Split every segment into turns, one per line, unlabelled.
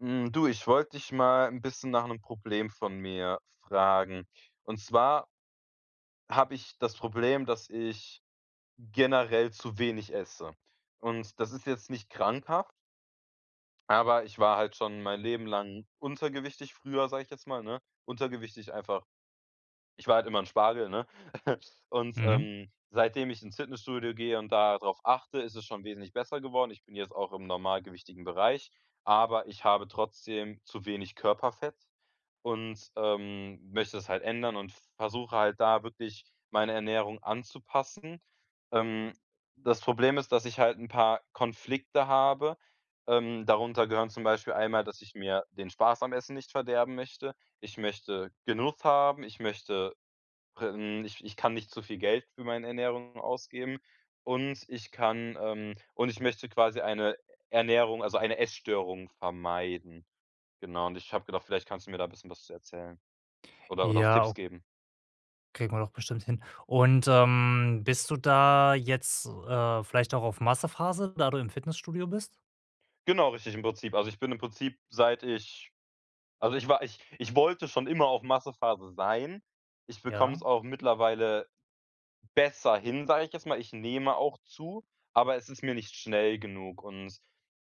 Hm, du, ich wollte dich mal 'n bisschen nach 'nem Problem von mir fragen. Und zwar habe ich das Problem, dass ich generell zu wenig esse. Und das ist jetzt nicht krankhaft aber ich war halt schon mein Leben lang untergewichtig früher, sage ich jetzt mal, ne? Untergewichtig einfach ich war halt immer 'n Spargel, ne? Und,
Mhm.
ähm, seitdem ich ins Fitnessstudio gehe und da drauf achte, ist es schon wesentlich besser geworden. Ich bin jetzt auch im normalgewichtigen Bereich, aber ich habe trotzdem zu wenig Körperfett und, ähm, möchte das halt ändern und versuche halt da wirklich meine Ernährung anzupassen. Ähm, das Problem ist, dass ich halt 'n paar Konflikte habe. Ähm, darunter gehören zum Beispiel einmal, dass ich mir den Spaß am Essen nicht verderben möchte. Ich möchte Genuss haben, ich möchte pr ähm, ich ich kann nicht zu viel Geld für meine Ernährung ausgeben. Und ich kann ähm, und ich möchte quasi eine Ernährung also eine Essstörung vermeiden. Genau, und ich habe gedacht, vielleicht kannst du mir da 'n bisschen was zu erzählen oder oder auch
Ja,
Tipps
o
geben.
Kriegen wir doch bestimmt hin. Und, ähm, bist du da jetzt, äh, vielleicht auch auf Masse-Phase, da du im Fitnessstudio bist?
Genau, richtig im Prinzip. Also, ich bin im Prinzip seit ich also, ich war ich ich wollte schon immer auf Masse-Phase sein. Ich bekomme es
Ja?
auch mittlerweile besser hin, sage ich jetzt mal. Ich nehme auch zu, aber es ist mir nicht schnell genug und,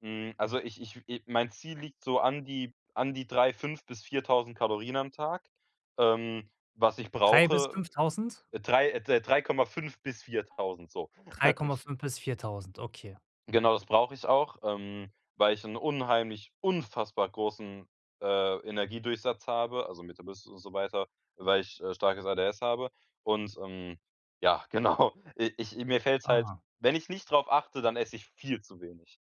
hm, also ich ich äh, mein Ziel liegt so an die an die 3 5 bis 4.000 Kalorien am Tag. Ähm, was ich
3 bis
brauche
5.000?
äh, 3, äh, 3,5 bis 4.000, so.
drei Komma fünf bis 4.000, okay.
Genau, das brauche ich auch, ähm, weil ich 'n unheimlich, unfassbar großen, äh, Energiedurchsatz habe, also mit der [unintelligible] und so weiter, weil ich, äh, starkes ADHS habe und, ähm, ja, genau, i ich mir fällt's halt
Aha.
wenn ich nicht drauf achte, dann esse ich viel zu wenig.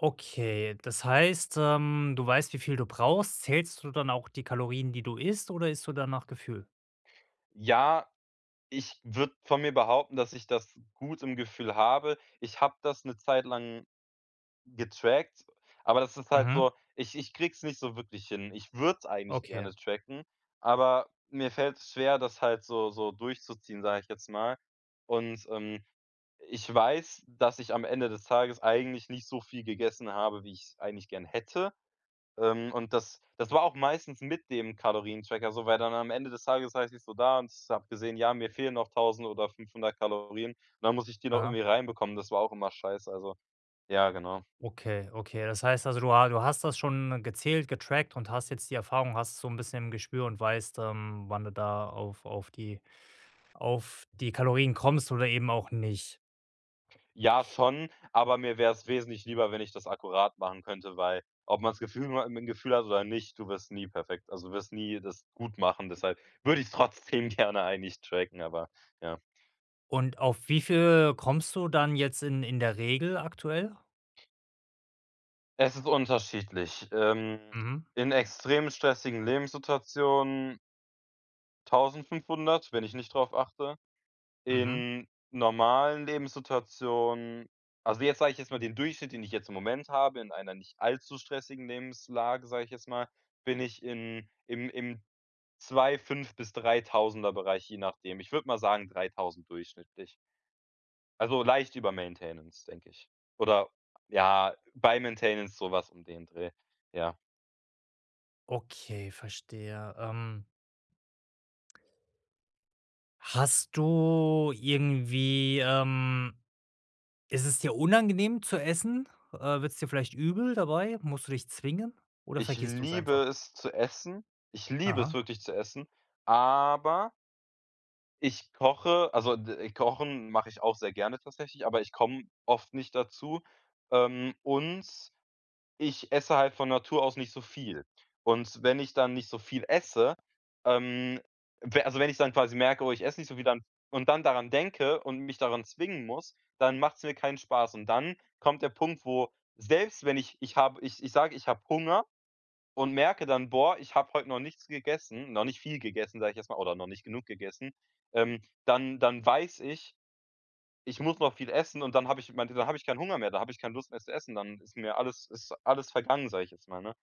Okay, das heißt, ähm, du weißt, wie viel du brauchst. Zählst du dann auch die Kalorien, die du isst, oder isst du dann nach Gefühl?
Ja, ich würde von mir behaupten, dass ich das gut im Gefühl habe. Ich habe das 'ne Zeit lang getrackt, aber das ist halt
Mhm.
so ich ich krieg's nicht so wirklich hin. Ich würd's eigentlich
Okay.
gerne tracken, aber mir fällt's schwer, das halt so so durchzuziehen, sage ich jetzt mal. Und, ähm, ich weiß, dass ich am Ende des Tages eigentlich nicht so viel gegessen habe, wie ich's eigentlich gern hätte. Ähm, und das das war auch meistens mit dem Kalorien-Tracker so, weil dann am Ende des Tages saß ich so da und habe gesehen, ja, mir fehlen noch 1.000 oder 500 Kalorien, und dann muss ich die noch irgendwie
Aha.
reinbekommen. Das war auch immer scheiße, also, ja, genau.
Okay, okay, das heißt also, du ha du hast das schon gezählt, getrackt und hast jetzt die Erfahrung, hast so 'n bisschen im Gespür und weißt, ähm, wann du da auf auf die auf die Kalorien kommst oder eben auch nicht.
Ja schon, aber mir wär's wesentlich lieber, wenn ich das akkurat machen könnte, weil ob man's Gefühl nur im im Gefühl hat oder nicht, du wirst nie perfekt. Also du wirst nie das gut machen, deshalb würde ich's trotzdem gerne eigentlich tracken, aber ja.
Und auf wie viel kommst du dann jetzt in in der Regel aktuell?
Es ist unterschiedlich. Ähm,
Mhm.
in extrem stressigen Lebenssituationen 1.500 wenn ich nicht darauf achte.
Mhm.
In normalen Lebenssituationen also, jetzt sage ich jetzt mal den Durchschnitt, den ich jetzt im Moment habe, in einer nicht allzu stressigen Lebenslage, sage ich jetzt mal, bin ich in im im 2 5 bis Dreitausender-Bereich, je nachdem. Ich würde mal sagen 3.000 durchschnittlich. Also leicht über Maintenance denke ich. Oder ja, bei Maintenance so was um den Dreh, ja.
Okay, verstehe, ähm. Hast du irgendwie, ähm, ist es dir unangenehm zu essen? Äh, wird's dir vielleicht übel dabei? Musst du dich zwingen oder
Ich
vergisst du's
liebe
einfach?
es zu essen. Ich liebe es
Aha.
wirklich zu essen, aber ich koche, also d kochen mache ich auch sehr gerne tatsächlich, aber ich komme oft nicht dazu, ähm, und ich esse halt von Natur aus nicht so viel. Und wenn ich dann nicht so viel esse, ähm, we also wenn ich dann quasi merke, oh, ich esse nicht so viel, dann und dann daran denke und mich daran zwingen muss, dann macht's mir keinen Spaß und dann kommt der Punkt, wo selbst wenn ich ich habe ich ich sage, ich habe Hunger und merke dann, boah, ich habe heute noch nichts gegessen, noch nicht viel gegessen, sage ich jetzt mal, oder, noch nicht genug gegessen, ähm, dann dann weiß ich, ich muss noch viel essen und dann habe ich meinte, dann habe ich keinen Hunger mehr. Dann habe ich keine Lust mehr zu essen. Dann ist mir alles ist alles vergangen, sage ich jetzt mal, ne?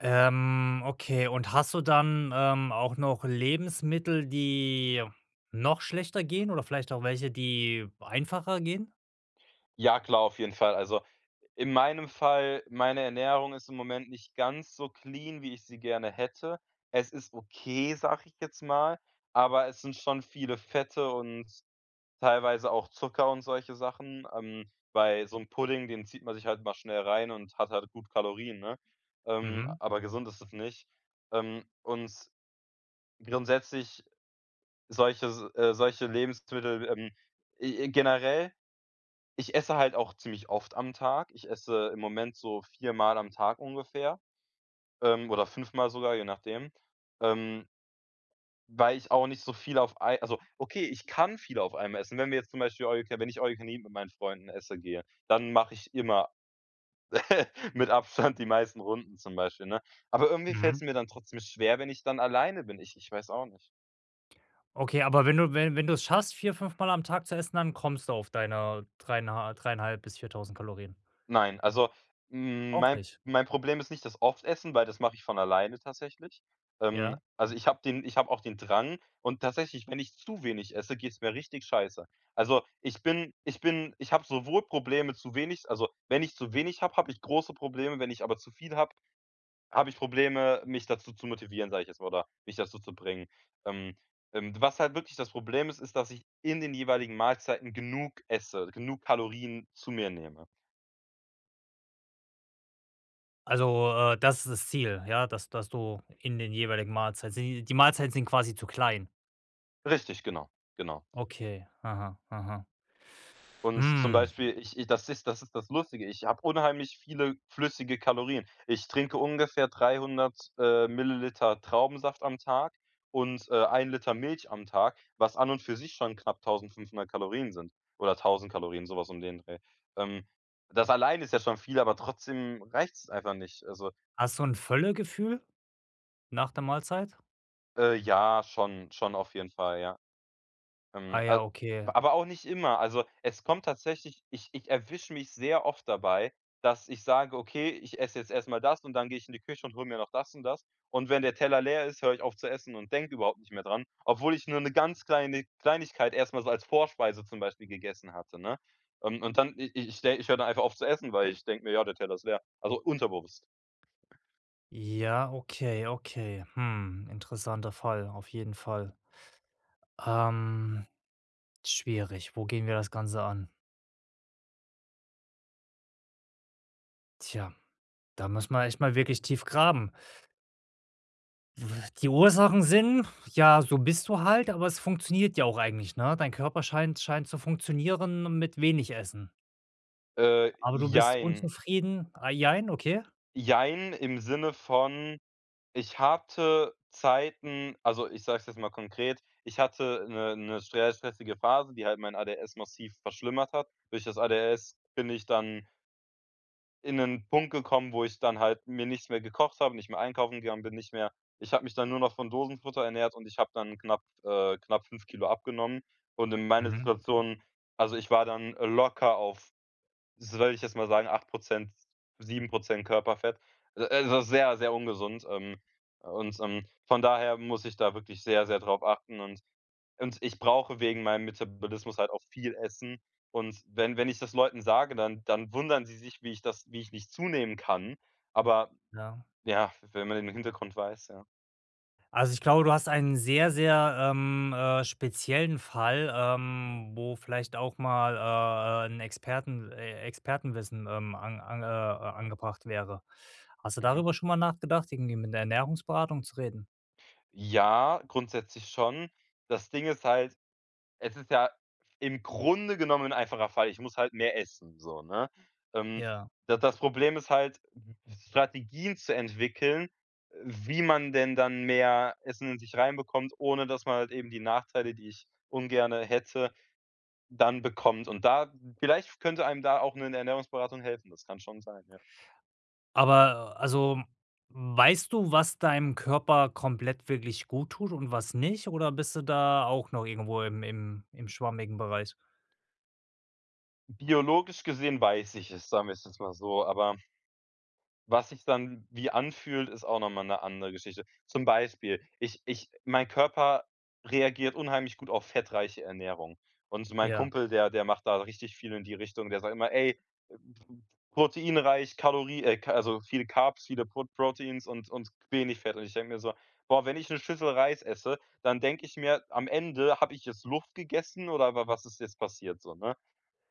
Ähm, okay, und hast du dann, ähm, auch noch Lebensmittel, die noch schlechter gehen oder vielleicht auch welche, die einfacher gehen?
Ja, klar, auf jeden Fall. Also, in meinem Fall meine Ernährung ist im Moment nicht ganz so clean, wie ich sie gerne hätte. Es ist okay, sage ich jetzt mal, aber es sind schon viele Fette und teilweise auch Zucker und solche Sachen. Ähm, bei so 'm Pudding den zieht man sich halt mal schnell rein und hat halt gut Kalorien, ne? Ähm,
Mhm.
aber gesund ist das nicht. Ähm, und grundsätzlich solche s äh, solche Lebensmittel ähm, e e generell, ich esse halt auch ziemlich oft am Tag. Ich esse im Moment so viermal am Tag ungefähr. Ähm, oder fünfmal sogar, je nachdem. Ähm weil ich auch nicht so viel auf ei also okay, ich kann viel auf einmal essen, wenn wir jetzt zum Beispiel „All you can“ wenn ich „All you can eat“ mit meinen Freunden esse gehe, dann mache ich immer mit Abstand die meisten Runden zum Beispiel, ne? Aber irgendwie fällt's
Mhm.
mir dann trotzdem schwer, wenn ich dann alleine bin. Ich ich weiß auch nicht.
Okay, aber wenn du we wenn du es schaffst vier bis fünfmal am Tag zu essen, dann kommst du auf deine dreieinh 3,5 bis 4.000 Kalorien.
Nein, also m
Auch
mein
nicht?
mein Problem ist nicht das oft essen, weil das mache ich von alleine tatsächlich. Ähm,
Ja.
also ich hab den ich hab auch den Drang und tatsächlich, wenn ich zu wenig esse, geht's mir richtig scheiße. Also ich bin ich bin ich habe sowohl Probleme zu wenig also, wenn ich zu wenig habe, habe ich große Probleme, wenn ich aber zu viel habe, habe ich Probleme, mich dazu zu motivieren, sag ich jetzt mal oder mich dazu zu bringen. Ähm, äh, was halt wirklich das Problem ist, ist, dass ich in den jeweiligen Mahlzeiten genug esse, genug Kalorien zu mir nehme.
Also äh, das ist das Ziel, ja, dass dass du in den jeweiligen Mahlzei die Mahlzeiten sind quasi zu klein?
Richtig, genau, genau.
Okay. Aha. Aha.
Und zum
Hm.
Beispiel, ich ich das ist das ist das Lustige. Ich habe unheimlich viele flüssige Kalorien. Ich trinke ungefähr 300 ml, ähm, Traubensaft am Tag und, äh, einen Liter Milch am Tag, was an und für sich schon knapp 1.500 Kalorien sind oder 1.000 Kalorien, so was um den Dreh. Ähm, das allein ist ja schon viel, aber trotzdem reicht's einfach nicht. Also
Hast du 'n Völlegefühl, nach der Mahlzeit?
Äh, ja, schon, schon auf jeden Fall, ja.
Ah
Ähm, a
ja, okay.
aber auch nicht immer. Also es kommt tatsächlich ich ich erwische mich sehr oft dabei, dass ich sage, okay, ich esse jetzt erst mal das und dann gehe ich in die Küche und hole mir noch das und das. Und wenn der Teller leer ist, höre ich auf zu essen und denke überhaupt nicht mehr dran, obwohl ich nur 'ne ganz kleine Kleinigkeit erst mal so als Vorspeise zum Beispiel gegessen hatte, ne? Und und dann i ich ich de höre dann einfach auf zu essen, weil ich denke mir, ja, der Teller ist leer. Also unterbewusst.
Ja, okay, okay. Hm. Interessanter Fall, auf jeden Fall. Ähm, schwierig- wo gehen wir das ganze an? Tja, da muss man echt mal wirklich tief graben. W die Ursachen sind, ja, so bist du halt, aber es funktioniert ja auch eigentlich, ne? Dein Körper scheint scheint zu funktionieren mit wenig Essen.
Äh,
Aber du bist
jein.
unzufrieden ah, jein, okay?
Jein, im Sinne von, ich hatte Zeiten also ich sage es jetzt mal konkret ich hatte 'ne 'ne str stressige Phase, die halt mein ADHS massiv verschlimmert hat. Durch das ADHS bin ich dann in 'nen Punkt gekommen, wo ich dann halt mir nichts mehr gekocht habe, nicht mehr einkaufen gegangen bin, nicht mehr ich habe mich dann nur noch von Dosenfutter ernährt und ich habe dann knapp äh, knapp 5 kg abgenommen. Und in meiner
Mhm.
Situation also ich war dann, äh, locker auf, s würde ich jetzt mal sagen, 8 %, 7 % Körperfett. Also sehr, sehr ungesund, ähm, und, ähm, von daher muss ich da wirklich sehr, sehr drauf achten und und ich brauche wegen meinem Metabolismus halt auch viel Essen und wenn wenn ich das Leuten sage, dann dann wundern sie sich, wie ich das wie ich nicht zunehmen kann, aber,
Ja.
ja wenn man den Hintergrund weiß, ja.
Also ich glaube, du hast einen sehr, sehr, ähm, äh, speziellen Fall, ähm, wo vielleicht auch mal, äh, äh, 'n Experten äh, Expertenwissen, ähm, an an, äh, angebracht wäre. Hast du
Mhm.
darüber schon mal nachgedacht, irgendwie mit 'ner Ernährungsberatung zu reden?
Ja, grundsätzlich schon. Das Ding ist halt, es ist ja im Grunde genommen 'n einfacher Fall. Ich muss halt mehr essen, so, ne? Ähm,
Ja.
da das Problem ist halt, Strategien zu entwickeln, äh, wie man denn dann mehr Essen in sich reinbekommt, ohne dass man halt eben die Nachteile, die ich ungerne hätte, dann bekommt und da vielleicht könnte einem da auch ‘ne Ernährungsberatung helfen, das kann schon sein, ja.
Aber, also weißt du, was deinem Körper komplett wirklich gut tut und was nicht, oder bist du da auch noch irgendwo im im im schwammigen Bereich?
Biologisch gesehen weiß ich es, sagen wir's jetzt mal so, aber was sich dann wie anfühlt, ist auch noch mal 'ne andere Geschichte. Zum Beispiel, ich ich mein Körper reagiert unheimlich gut auf fettreiche Ernährung, und mein
Ja.
Kumpel, der der macht da richtig viel in die Richtung. Der sagt immer: „Ey, proteinreich, Kalorie äh, ca also viel Carbs, viele Prot Proteins und und wenig Fett“, und ich denke mir so: „Boah, wenn ich 'ne Schüssel Reis esse, dann denke ich mir am Ende, habe ich jetzt Luft gegessen oder wa was ist jetzt passiert?“ So, ne?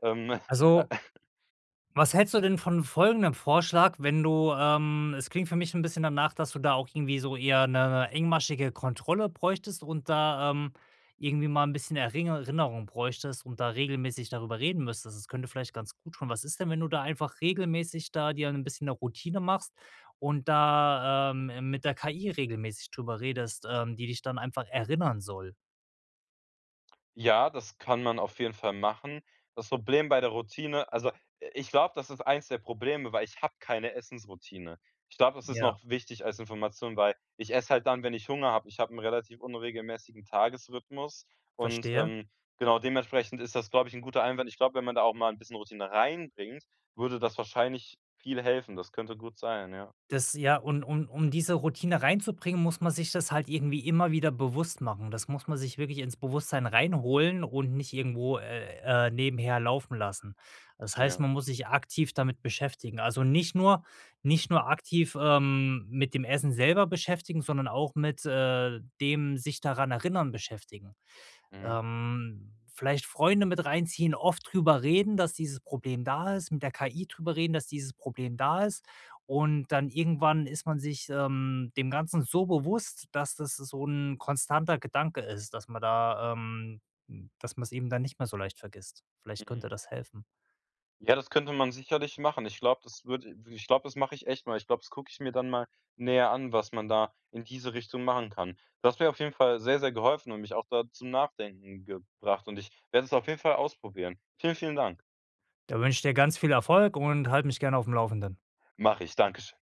Ähm
Also was hältst du denn von folgendem Vorschlag: Wenn du ähm, es klingt für mich 'n bisschen danach, dass du auch irgendwie so eher 'ne engmaschige Kontrolle bräuchtest und da, ähm, irgendwie mal 'n bisschen Eringer Rinnerung bräuchtest und da regelmäßig darüber reden müsstest, das könnte vielleicht ganz gut tun. Was ist denn, wenn du da einfach regelmäßig da dir 'n bisschen 'ne Routine machst und da, ähm, mit der KI regelmäßig drüber redest, ähm, die dich dann einfach erinnern soll?
Ja, das kann man auf jeden Fall machen. Das Problem bei der Routine also i ich glaube, das ist eins der Probleme, weil ich habe keine Essensroutine. Ich glaube, das ist
Ja.
noch wichtig als Information, weil ich esse halt dann, wenn ich Hunger habe. Ich habe 'n relativ unregelmäßigen Tagesrhythmus und,
Verstehe.
ähm, genau dementsprechend ist das, glaube ich, 'n guter Einwand. Ich glaub, wenn man da auch mal 'n bisschen Routine reinbringt, würde das wahrscheinlich viel helfen. Das könnte gut sein, ja.
Das ja und um um diese Routine reinzubringen, muss man sich das halt irgendwie immer wieder bewusst machen. Das muss man sich wirklich ins Bewusstsein reinholen und nicht irgendwo, äh, äh, nebenher laufen lassen. Das heißt,
Ja.
man muss sich aktiv damit beschäftigen. Also nicht nur, nicht nur aktiv, ähm, mit dem Essen selber beschäftigen, sondern auch mit, äh, dem sich daran erinnern beschäftigen.
Mhm.
Ähm, vielleicht Freunde mit reinziehen, oft drüber reden, dass dieses Problem da ist, mit der KI drüber reden, dass dieses Problem da ist. Und dann irgendwann ist man sich, ähm, dem Ganzen so bewusst, dass das so 'n konstanter Gedanke ist, dass man da, ähm, dass man 's eben dann nicht mehr so leicht vergisst. Vielleicht könnte
Mhm.
das helfen.
Ja, das könnte man sicherlich machen. Ich glaube, das würd, i wirklich ich glaub, das mach ich echt mal. Ich glaub, das guck ich mir dann mal näher an, was man da in diese Richtung machen kann. Du hast mir auf jeden Fall sehr sehr geholfen und mich auch da zum Nachdenken gebracht und ich werde es auf jeden Fall ausprobieren. Vielen, vielen Dank.
Da wünsch ich dir ganz viel Erfolg und halt mich gern aufm Laufenden.
Mache ich, Dankeschön.